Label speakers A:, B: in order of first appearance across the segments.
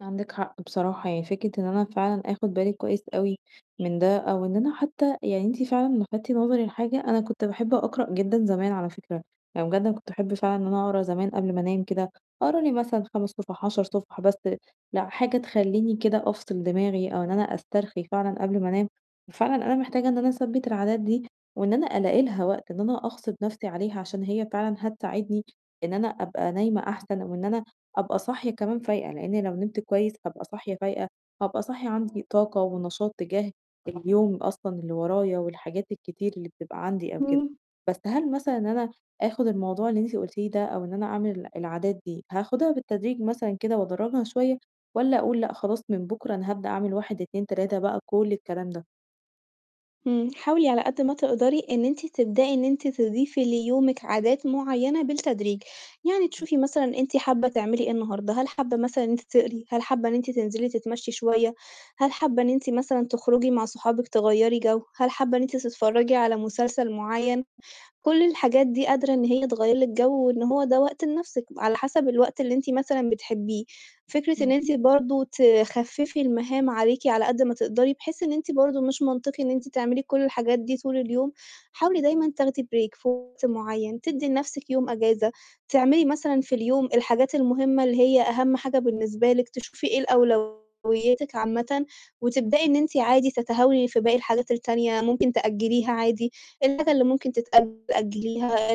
A: عندِك حق بصراحة، يعني فكرة إن أنا فعلًا آخُد بالي كويّس أوي من ده أو إنّ أنا حتّى يعني أنتِ فعلًا لفتتِ نظري لحاجة، أنا كنت باحب أقرأ جدًا زمان على فكرة، يعني جدًا كنت أحب فعلًا إن أنا أقرا زمان قبل ما أنام كده، أقرأ لي مثلًا 5 صُفَح، 10 صُفَح، بس لأ، حاجة تخلّيني كده أفصِل دماغي أو إن أنا أسترخي فعلًا قبل ما أنام، ففعلًا أنا محتاجة إن أنا أثبِّت العادات دي و أنا ألاقي لها وقت، إن أنا أغصِب نَفْسي عليها عشان هي فعلًا هتساعدني إن أنا أبقى نايمة أحسن أو إن أنا أبقى صاحية كمان فايقة، لإنّي لو نمت كويّس هابقى صاحية فايقة، هابقى صاحية عندي طاقة ونشاط تجاه اليوم أصلًا اللي ورايا والحاجات الكتير اللي بتبقى عندي أو كده،
B: إمم.
A: بس هل مثلًا إن أنا آخُد الموضوع اللي أنتِ قُلتيه ده أو إن أنا أعمل العادات دي، هاخدها بالتدريج مثلًا كده وأدرّجها شويّة والّا أقول لأ، خلاص من بكرة أنا هابدأ أعمل 1، 2، 3 بقى كل الكلام ده.
B: إمم. حاولي على قد ما تقدري إن أنتِ تبدئي إن أنتِ تضيفي ليومِك عادات معيّنة بالتدريج، يعني
A: إمم.
B: تشوفي مثلًا أنتِ حابّة تعملي إيه النهارده، هل حابّة مثلًا إن أنتِ تقري؟ هل حابّة إن أنتِ تنزلي تتمشّي شويّة؟ هل حابّة إن أنتِ مثلًا تخرجي مع صحابِك تغيّري جَو؟ هل حابّة إن أنتِ تتفرّجي على مسلسل معيّن؟ كل الحاجات دي قادرة إن هي تغيّر لِك جَو وإن هو ده وقت لنَفْسِك، على حَسَب الوقت اللي أنتِ مثلًا بتحبّيه. فكرة إن
A: إمم.
B: أنتِ برضه تخفّفي المهام عليكِ على قد ما تقدري بحيث إن أنتِ برضه مش منطقي إن أنتِ تعملي كل الحاجات دي طول اليوم. حاولي دايمًا تاخدي break في وقت مُعيّن، تدّي لنَفْسِك يوم إجازة، تعملي مثلًا في اليوم الحاجات المهمّة اللي هي أهَم حاجة بالنسبة لِك، تشوفي إيه ال أولويّاتِك عامةً وتبدئي إن أنتِ عادي تتهاوني في باقي الحاجات التانية، ممكن تأجّليها عادي، الحاجة اللي ممكن تتأجّل أجّليها،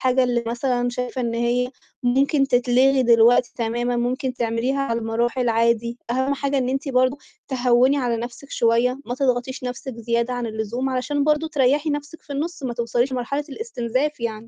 B: الحاجة اللي مثلًا شايفة إن هي ممكن تتلغي دلوقتي تمامًا ممكن تعمليها على المراحل عادي، أهَم حاجة
A: إمم.
B: إن أنتِ برضه تهوّني على نَفْسِك شويّة، ما تضغطيش نَفْسِك زيادة عن اللزوم علشان برضه تريّحي نَفْسِك في النُص ما توصليش لمرحلة الإستنزاف يعني.